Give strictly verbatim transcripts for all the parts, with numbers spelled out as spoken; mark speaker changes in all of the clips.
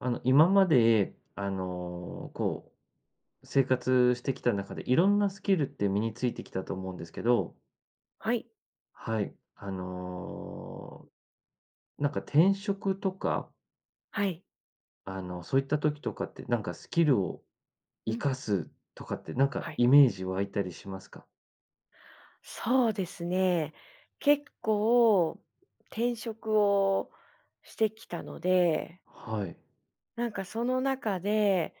Speaker 1: あの、今まで、あの、こう、生活してきた中で色んなスキルって身についてきたと思うんですけど
Speaker 2: はい。
Speaker 1: はい、あの、なんか転職とか
Speaker 2: はい。
Speaker 1: あの、そういった時とかって、なんかスキルを
Speaker 2: う
Speaker 1: 活
Speaker 2: ん。
Speaker 1: かすとかって、なんか
Speaker 2: はい。
Speaker 1: イメージ湧いたりしますか？
Speaker 2: そうですね。結構、転職をしてきたので
Speaker 1: はい。
Speaker 2: なんかその中で、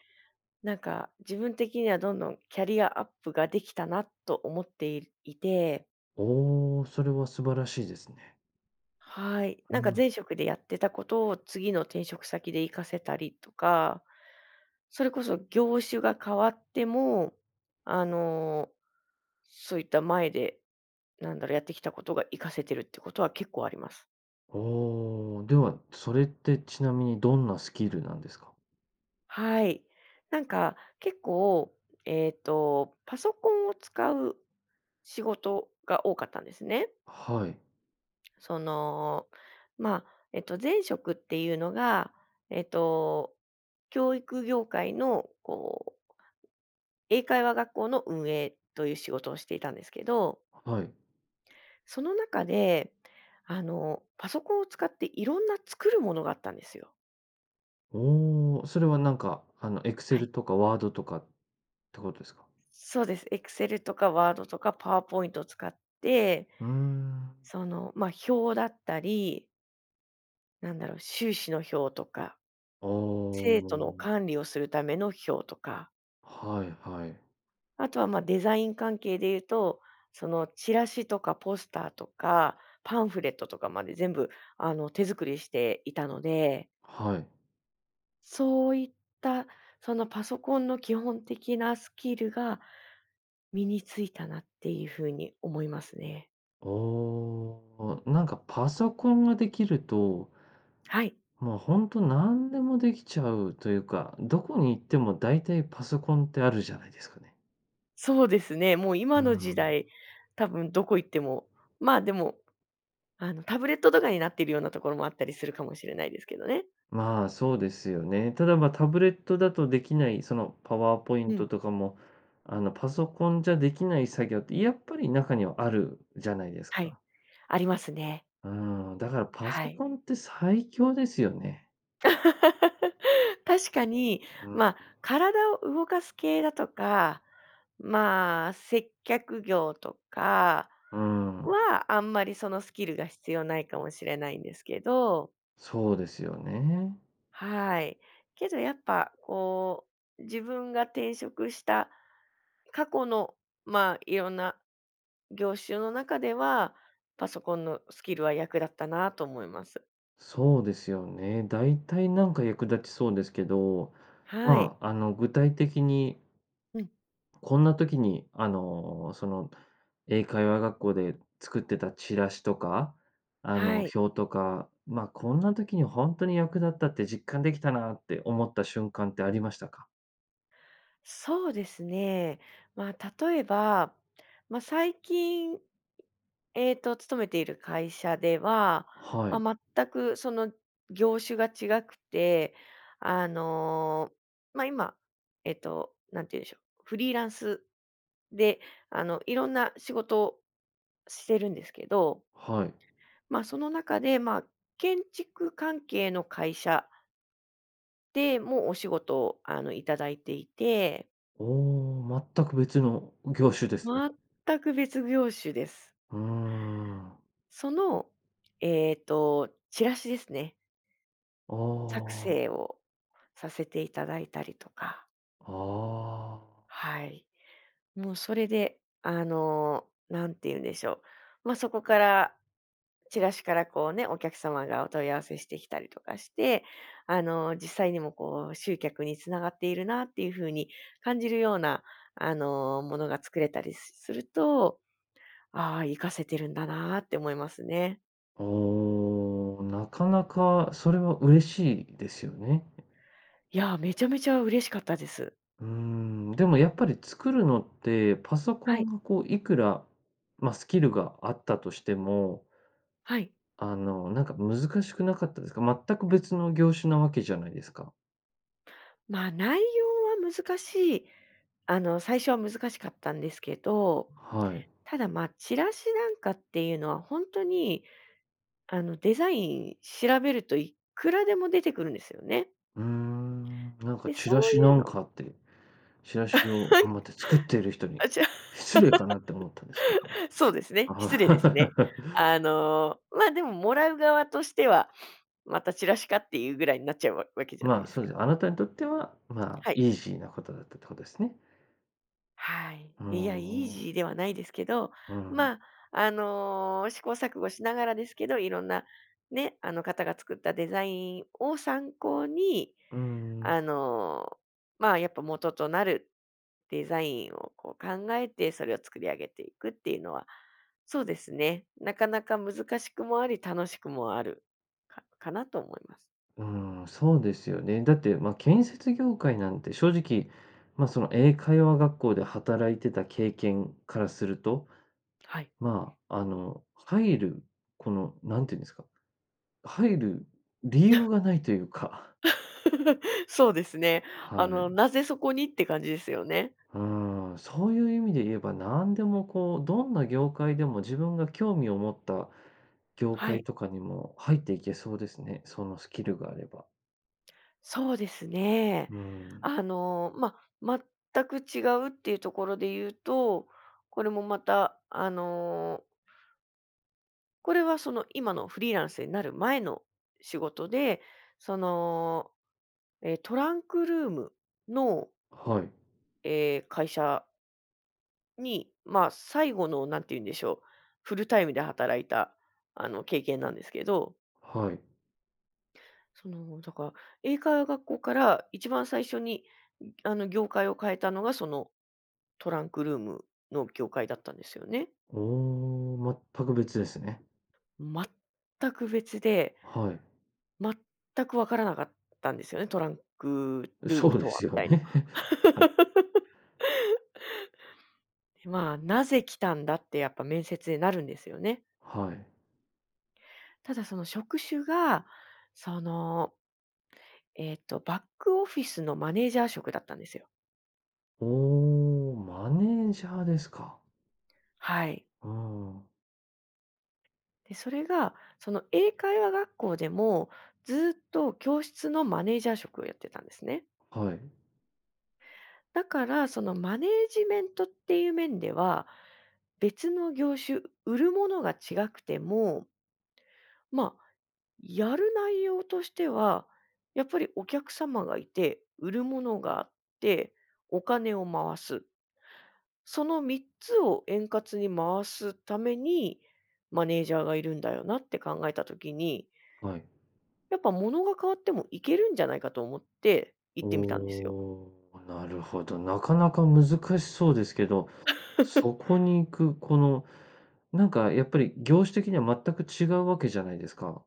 Speaker 2: なんか自分的には、どんどんキャリアアップができたなと思っていいて
Speaker 1: おお、それは素晴らしいですね。
Speaker 2: はい。
Speaker 1: う
Speaker 2: なんか
Speaker 1: ん。
Speaker 2: 前職でやってたことを次の転職先で活かせたりとか、それこそ業種が変わっても、あの、そういった、前で、なんだろう、やってきたことが生かせてるってことは結構あります。
Speaker 1: おお。では、それってちなみにどんなスキルなんですか？
Speaker 2: はい。なんか結構、えっと、パソコンを使う仕事が多かったんですね。
Speaker 1: はい。
Speaker 2: その、まあ、えっと、前職っていうのが、ええと、教育業界のこう英会話学校の運営という仕事をしていたんですけど。
Speaker 1: はい。
Speaker 2: その中で、あのパソコンを使って、色んな作るものがあったんですよ。
Speaker 1: おお。それはなんか、あの、
Speaker 2: はい。
Speaker 1: Excel とか Word とかってことですか？
Speaker 2: そうです。Excel とか Word とか PowerPoint を使って
Speaker 1: うーん。
Speaker 2: その、ま、表だったりなんだろう。収支の表とか、
Speaker 1: あ
Speaker 2: 生徒の
Speaker 1: あ。
Speaker 2: 管理をするための表とか。
Speaker 1: はいはい。
Speaker 2: あとは、ま、デザイン関係でいうと、そのチラシとかポスターとかパンフレットとかまで、全部あの手作りしていたので。
Speaker 1: はい。
Speaker 2: そういった、そのパソコンの基本的なスキルが、身に付いたなっていう風に思いますね。
Speaker 1: ああ。あ、なんかパソコンができると
Speaker 2: はい。
Speaker 1: まあ、ほんと何でもできちゃうというか、どこに行っても大体パソコンってあるじゃないですかね。
Speaker 2: そうですね、もう
Speaker 1: ゆ
Speaker 2: 今
Speaker 1: う
Speaker 2: の時
Speaker 1: ん。
Speaker 2: 代、多分どこ行ってもまあでもあの、タブレットとかになってるようなところもあったりするかもしれないですけどね。
Speaker 1: まあ、そうですよね。ただ、ま、タブレットだとできないその、パワーポイ
Speaker 2: う
Speaker 1: ント
Speaker 2: ん。
Speaker 1: とかも、あの、パソコンじゃできない作業って、やっぱり中にはあるじゃないです
Speaker 2: はい、
Speaker 1: か。
Speaker 2: ありますね。
Speaker 1: うーん、だからパ
Speaker 2: は
Speaker 1: ソ
Speaker 2: い。
Speaker 1: コンって最強ですよね。
Speaker 2: 確かに、
Speaker 1: うん。
Speaker 2: ま、体を動かす系だとか、まあ、接客業とか
Speaker 1: うーん。
Speaker 2: は、あんまりそのスキルが必要ないかもしれないんですけど
Speaker 1: そうですよね。
Speaker 2: はい、けどやっぱ、こう、自分が転職した過去の、まあ、いろんな業種の中では、パソコンのスキルは役立ったなと思います。
Speaker 1: そうですよね。大体なんか役立ちそうですけど、
Speaker 2: は
Speaker 1: ま
Speaker 2: い。
Speaker 1: あ、あの、具体的に
Speaker 2: うん。
Speaker 1: こんな時に、あの、その、英会話学校で作ってたチラシとか、あ
Speaker 2: は
Speaker 1: の、
Speaker 2: い。
Speaker 1: 表とか、まあ、こんな時にほんとに役立ったって実感できたなって思った瞬間ってありましたか？
Speaker 2: そうですね。まあ、例えば、ま、最近、えっと、勤めている会社では、
Speaker 1: はい。
Speaker 2: ま、全くその業種が違くて、あの、ま、今、えっと、なんて言うんしょう、フリーランスで、あの、いろんな仕事してるんですけど
Speaker 1: はい。
Speaker 2: ま、その中で、まあ、建築関係の会社でも、お仕事、あの、いただいていて
Speaker 1: おお、全く別の業種ですね。
Speaker 2: 全く別業種です。
Speaker 1: うーん。
Speaker 2: その、えっと、チラシですね。
Speaker 1: あ
Speaker 2: 作
Speaker 1: あ。
Speaker 2: 成をさせていただいたりとか。
Speaker 1: ああ。
Speaker 2: はい。もうそれで、あの、なんて言うんでしょう、ま、そこから、チラシから、こうね、お客様がお問い合わせしてきたりとかして、あの、実際にも、こう、集客につながっているなっていうふうに感じるような、あの、ものが作れたりすすると、ああ、生かせてるんだなあって思いますね。
Speaker 1: おお、なかなかそれは嬉しいですよね。
Speaker 2: いや、めちゃめちゃ嬉しかったです。
Speaker 1: うーん。でもやっぱり作るのって、パソコ
Speaker 2: はい。
Speaker 1: ンが、こう、いくら、ま、スキルがあったとしても
Speaker 2: はい。
Speaker 1: あの、なんか難しくなかったですか？全く別の業種なわけじゃないですか。
Speaker 2: ま、内容は難しい。あの、最初は難しかったんですけど、
Speaker 1: はい。
Speaker 2: ただ、ま、チラシなんかっていうのは、ほんとに、あの、デザイン調べるといくらでも出てくるんですよね。
Speaker 1: うーん、なんか、
Speaker 2: で、
Speaker 1: 「チラ
Speaker 2: そう
Speaker 1: シ
Speaker 2: い
Speaker 1: な
Speaker 2: う
Speaker 1: ん
Speaker 2: の
Speaker 1: か」って。チラシを頑 張って作っている人に
Speaker 2: あちゃ。
Speaker 1: 失礼かなって思ったんですけども。
Speaker 2: そうですね、失礼ですね。あの、ま、でも、もらう側としては、またチラシかっていうぐらいんなっちゃうわわけじゃない
Speaker 1: まあ、
Speaker 2: です
Speaker 1: そう
Speaker 2: か。
Speaker 1: ですね。あなたにとっては、ま、
Speaker 2: はい。
Speaker 1: イージーなことだったってことですね。
Speaker 2: はい。
Speaker 1: あ
Speaker 2: いや、イージ
Speaker 1: あ。
Speaker 2: ーではないですけど、
Speaker 1: うん。
Speaker 2: ま、あの、試行錯誤しながらですけど、いろんな、ね、あの、方が作ったデザインを参考に、
Speaker 1: うーん。
Speaker 2: あの、まあ、やっぱ元となるデザインをこう考えて、それを作り上げていくっていうのは、そうですね、なかなか難しくもあり、楽しくもある、かかなと思います。
Speaker 1: うーん、そうですよね。だって、ま、建設業界なんて正直、ま、その、英会話学校で働いてた経験からすると、
Speaker 2: はい。
Speaker 1: まあ、あの、入るこの、何て言うんですか、入る理由 がないというか。
Speaker 2: そうですね。
Speaker 1: は
Speaker 2: あの、
Speaker 1: い。
Speaker 2: なぜそこにって感じですよね。
Speaker 1: うーん、そういう意味で言えば何でも、こう、どんな業界でも自分が興味を持った業
Speaker 2: はい。
Speaker 1: 界とかにも入っていけそうですね、そのスキルがあれば。
Speaker 2: そうですね。
Speaker 1: うーん。
Speaker 2: あの、ま、全く違うっていうところで言うと、これもまた、あのこれはその、今のフリーランスになる前の仕事で、その、え、トランクルームの
Speaker 1: はい。
Speaker 2: ええ、会社に、ま、最後の、なんてゆうんでしょう、フルタイムで働いた、あの、経験なんですけど
Speaker 1: はい。
Speaker 2: その、だから英会話学校から一番最初に、ん、あの、業界を変えたのが、そのトランクルームの業界だったんですよね。
Speaker 1: おお、全く別ですね。
Speaker 2: 全く別で
Speaker 1: はい。
Speaker 2: 全く分からなかったんですよね、トランクルー
Speaker 1: そ
Speaker 2: ム
Speaker 1: うで
Speaker 2: とは、
Speaker 1: す
Speaker 2: み
Speaker 1: よ
Speaker 2: たいな。
Speaker 1: ね。
Speaker 2: まあ、「なぜ来たんだ？」って、やっぱ面接でなるんですよね。
Speaker 1: はい。
Speaker 2: ただ、その職種が、その、えっと、バックオフィスのマネージャー職だったんですよ。
Speaker 1: おお、マネージャーですか。
Speaker 2: はい。
Speaker 1: ああ。
Speaker 2: で、それが、その、英会話学校でもずっと教室のマネージャー職をやってたんですね。
Speaker 1: はい。
Speaker 2: だから、その、マネージメントっていう面では、別の業種、売るものが違くてもま、やる内容としては、やっぱりお客様がいて、売るものがあって、お金を回す。そのみっつを円滑に回すために、マネージャーがいるんだよなって考えた時に
Speaker 1: はい。
Speaker 2: やっぱ、ものが変わってもいけるんじゃないかと思って行
Speaker 1: お
Speaker 2: ってみたんですよ。
Speaker 1: お、なるほど。なかなか難しそうですけど、そ こに行く、この、なんか、やっぱり、業種的には全く違うわけじゃないですか。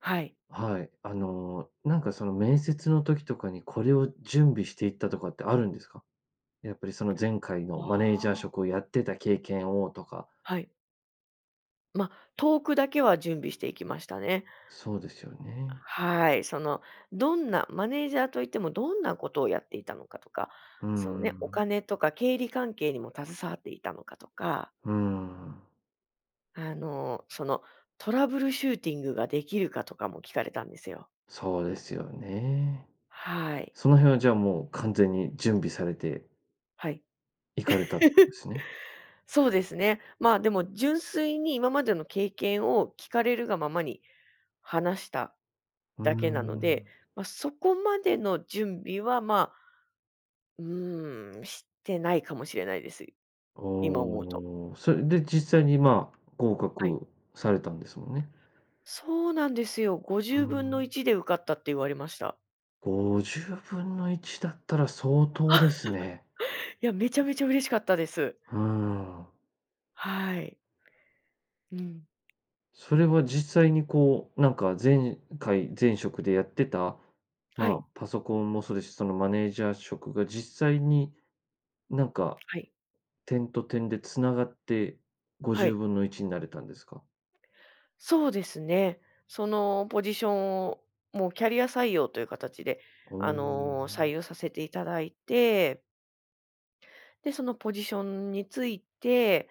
Speaker 2: はい。
Speaker 1: はい、あの、なんか、その面接の時とかにこれを準備していったとかってあるんですか？やっぱりその前回のマネージ
Speaker 2: あ
Speaker 1: ャー
Speaker 2: あ。
Speaker 1: 職をやってた経験をとか。
Speaker 2: はい。ま、トークだけは準備していきましたね。
Speaker 1: そうですよね。
Speaker 2: はい。その、どんなマネージャーといってもどんなことをやっていたのかとか、
Speaker 1: ふー
Speaker 2: そのね、お
Speaker 1: ん。
Speaker 2: 金とか経理関係にも携わっていたのかとか
Speaker 1: ふーん。
Speaker 2: あの、その、トラブルシューティングができるかとかも聞かれたんですよ。
Speaker 1: そうですよね。
Speaker 2: はい。
Speaker 1: その辺は、じゃあ、もう完全に準備されて
Speaker 2: はい。
Speaker 1: 行かれたって感じっ すね？
Speaker 2: そうですね。まあ、でも純粋に今までの経験を聞かれるがままに話した
Speaker 1: うー
Speaker 2: だけなので、
Speaker 1: ん。
Speaker 2: ま、そこまでの準備は、まあ、うーん、してないかもしれないです。
Speaker 1: あ
Speaker 2: 今思うと。
Speaker 1: あ、それで実際に、まあ、合
Speaker 2: はい。
Speaker 1: 格されたんですもんね。
Speaker 2: そうなんですよ。ご
Speaker 1: う
Speaker 2: じゅう
Speaker 1: ー
Speaker 2: ぶんのい
Speaker 1: ん。
Speaker 2: ちで受かったって言われました。
Speaker 1: ごじゅうぶんのいちだったら相当ですね。
Speaker 2: いや、めちゃめちゃ嬉しかったです。
Speaker 1: うーん。
Speaker 2: はい。うん。
Speaker 1: それは実際に、こう、なんか、前回前職でやってた、
Speaker 2: は
Speaker 1: ま
Speaker 2: い。
Speaker 1: あ、パソコンもそうですし、そのマネージャー職が実際に、なんか、
Speaker 2: はい。
Speaker 1: 点と点で繋がってご
Speaker 2: は
Speaker 1: じゅう
Speaker 2: い。
Speaker 1: ぶんのいちになれたんですか？
Speaker 2: そうですね。そのポジションを、もうキャリア採用という形で、
Speaker 1: あ、お
Speaker 2: あの、採
Speaker 1: お。
Speaker 2: 用させていただいてで、そのポジションに就いて、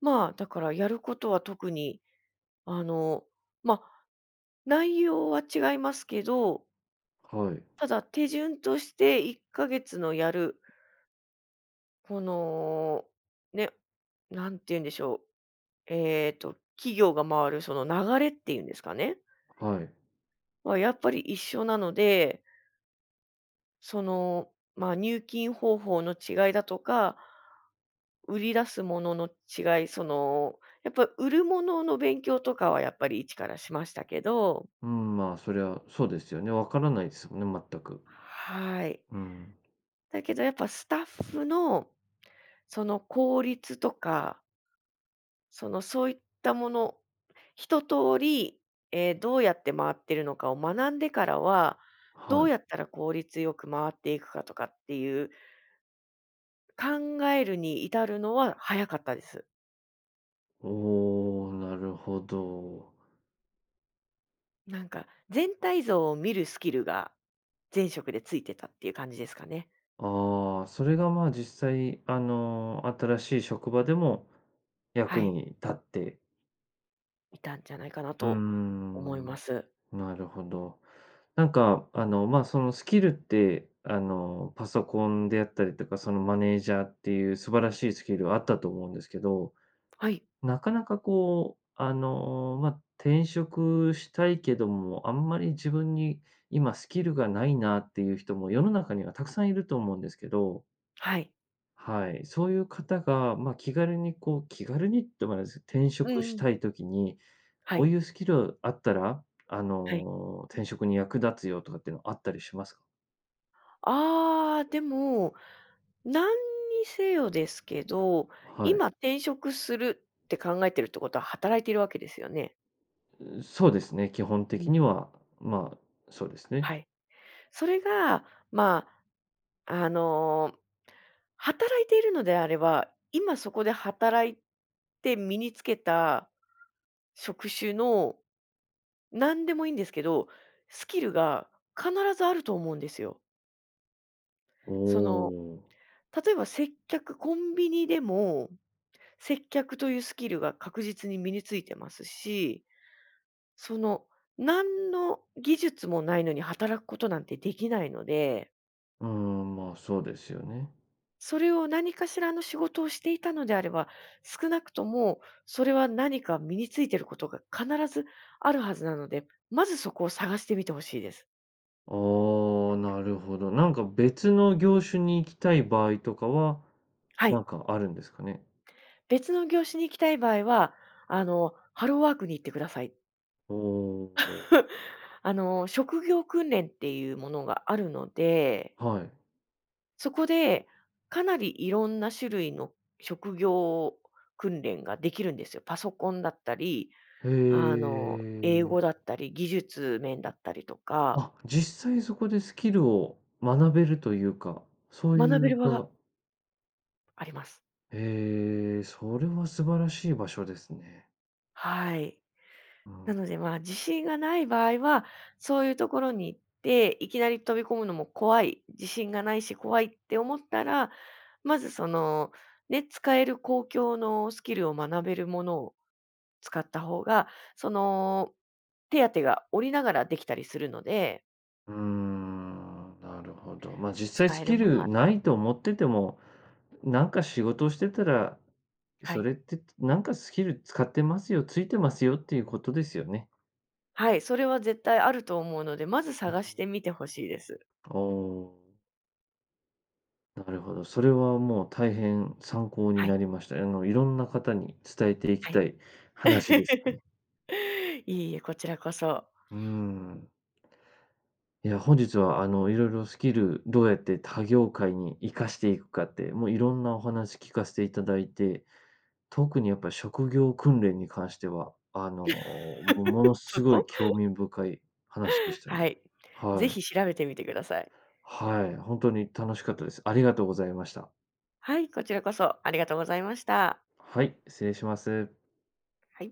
Speaker 2: まあ、だからやることは特に、あの、ま、内容は違いますけど
Speaker 1: はい。
Speaker 2: ただ手順として、いっかげつのやるこの、ね、何て言うんでしょう、ええと、企業が回るその流れっていうんですかね。
Speaker 1: はい。
Speaker 2: は、やっぱり一緒なのでその、ま、入金方法の違いだとか売り出すものの違いその、やっぱ売るものの勉強とかは、やっぱり一からしましたけど。
Speaker 1: うん、ま、そりゃ、そうですよね。分からないすもんね、全く。
Speaker 2: はい。
Speaker 1: うん。
Speaker 2: だけどやっぱスタッフの、その効率とかそのそういったもの、一通り、え、どうやって回っているのかを学んでからは、
Speaker 1: は
Speaker 2: ど
Speaker 1: い。
Speaker 2: うやったら効率よく回っていくかとかっていう考えるに至るのは早かったです。
Speaker 1: おお、なるほど。
Speaker 2: なんか、全体像を見るスキルが前職でついてたっていう感じですかね。
Speaker 1: ああ、それがま、実際あの、新しい職場でも
Speaker 2: は
Speaker 1: 役
Speaker 2: い。
Speaker 1: に立って。
Speaker 2: いたんじゃないかな
Speaker 1: う
Speaker 2: と思い
Speaker 1: ん。
Speaker 2: ます。
Speaker 1: なるほど。なんかあの、ま、その、スキルって、あの、パソコンであったりとか、そのマネージャーっていう素晴らしいスキルはあったと思うんですけど。
Speaker 2: はい。
Speaker 1: なかなかこう、あの、ま、転職したいけども、あんまり自分に今スキルが無いなっていう人も世の中にはたくさん居ると思うんですけど。
Speaker 2: はい。
Speaker 1: はい。そういう方が、ま、気軽にこう気軽にってわかんないす転
Speaker 2: うん
Speaker 1: 職し
Speaker 2: うん。
Speaker 1: たい時に、
Speaker 2: は
Speaker 1: こう
Speaker 2: い。
Speaker 1: いうスキルあったら、あ
Speaker 2: はい。
Speaker 1: の、転職に役立つよとかってのあったりしますか？
Speaker 2: ああ、でも何にせよですけど、
Speaker 1: はい。
Speaker 2: 今転職するって考えてるってことは働いてるわけですよね？
Speaker 1: うそうですね、基本
Speaker 2: う
Speaker 1: 的に
Speaker 2: ん。
Speaker 1: は、まあそうです
Speaker 2: は
Speaker 1: ね。
Speaker 2: い、それがまあ、あの、働いているのであれば、今そこで働いて身につけた職種の、なんでもいんですけど、スキルが必ずあると思うんですよ。
Speaker 1: お
Speaker 2: その、
Speaker 1: お、お。
Speaker 2: 例えば接客、コンビニでも接客とゆうスキルが確実に身に付いてますし、その、なんの技術もないのに働くことなんてできないので
Speaker 1: うーん、まあ、そうですよね。
Speaker 2: それを、何かしらの仕事をしていたのであれば、少なくともそれは何か身についてることが必ずあるはずなので、まずそこを探してみてほしいです。
Speaker 1: ああ、なるほど。なんか別の業種に行きたい場合とかは、
Speaker 2: は
Speaker 1: な
Speaker 2: い。
Speaker 1: んかあるんですかね？
Speaker 2: 別の業種に行きたい場合は、あの、ハローワークに行ってください。
Speaker 1: おお、ほう。
Speaker 2: あの、職業訓練ってゆうものがあるので
Speaker 1: はい。
Speaker 2: そこで、かなり色んな種類の職業訓練が出来るんですよ。パソコンだったり、
Speaker 1: へ
Speaker 2: あの、英
Speaker 1: え。
Speaker 2: 語だったり、技術面だったりとか。
Speaker 1: あ、実際そこでスキルを学べるというか、そうい
Speaker 2: 学べ
Speaker 1: う
Speaker 2: る場が
Speaker 1: 場
Speaker 2: あります。
Speaker 1: へえ、それは素晴らしい場所ですね。
Speaker 2: はい。
Speaker 1: う
Speaker 2: な
Speaker 1: ん。
Speaker 2: ので、ま、自信がない場合は、そういうところに行って、いきなり飛び込むのも怖い、自信が無いし怖いって思ったら、まず、その、ね、使える公共のスキルを学べるものを使った方が、その、手当てが下りながら出来たりするので。
Speaker 1: うーん、なるほど。まあ、実際
Speaker 2: 使
Speaker 1: ス
Speaker 2: える
Speaker 1: キ
Speaker 2: もの
Speaker 1: ル
Speaker 2: は使う。
Speaker 1: ないと思ってても、なんか仕事をしてたら、
Speaker 2: は
Speaker 1: そ
Speaker 2: い。
Speaker 1: れってて、なんかスキル使ってますよ、ついてますよっていうことですよね。
Speaker 2: はい、それは絶対あると思うので、まず探し てみて欲しいです。
Speaker 1: ああ。なるほど、それはもう大変参考に
Speaker 2: はい。
Speaker 1: なりました。え、あの、色んな方に伝えていき
Speaker 2: はい。
Speaker 1: たい話です。
Speaker 2: いえ、こちらこそ。
Speaker 1: うーん。いや、本日は、あの、色々スキル、どうやって他業界に活かしていくかって、もう色んなお話聞かせていただいて、特にやっぱり職業訓練に関しては、あの、ももの
Speaker 2: そ
Speaker 1: すごい
Speaker 2: こ。
Speaker 1: 興味深い話でしたね。
Speaker 2: はい、ぜ
Speaker 1: はい。
Speaker 2: ひ調べてみてください。
Speaker 1: はい、ほんとに楽しかったです。ありがとうございました。
Speaker 2: はい、こちらこそ、ありがとうございました。
Speaker 1: はい、失礼します。
Speaker 2: はい。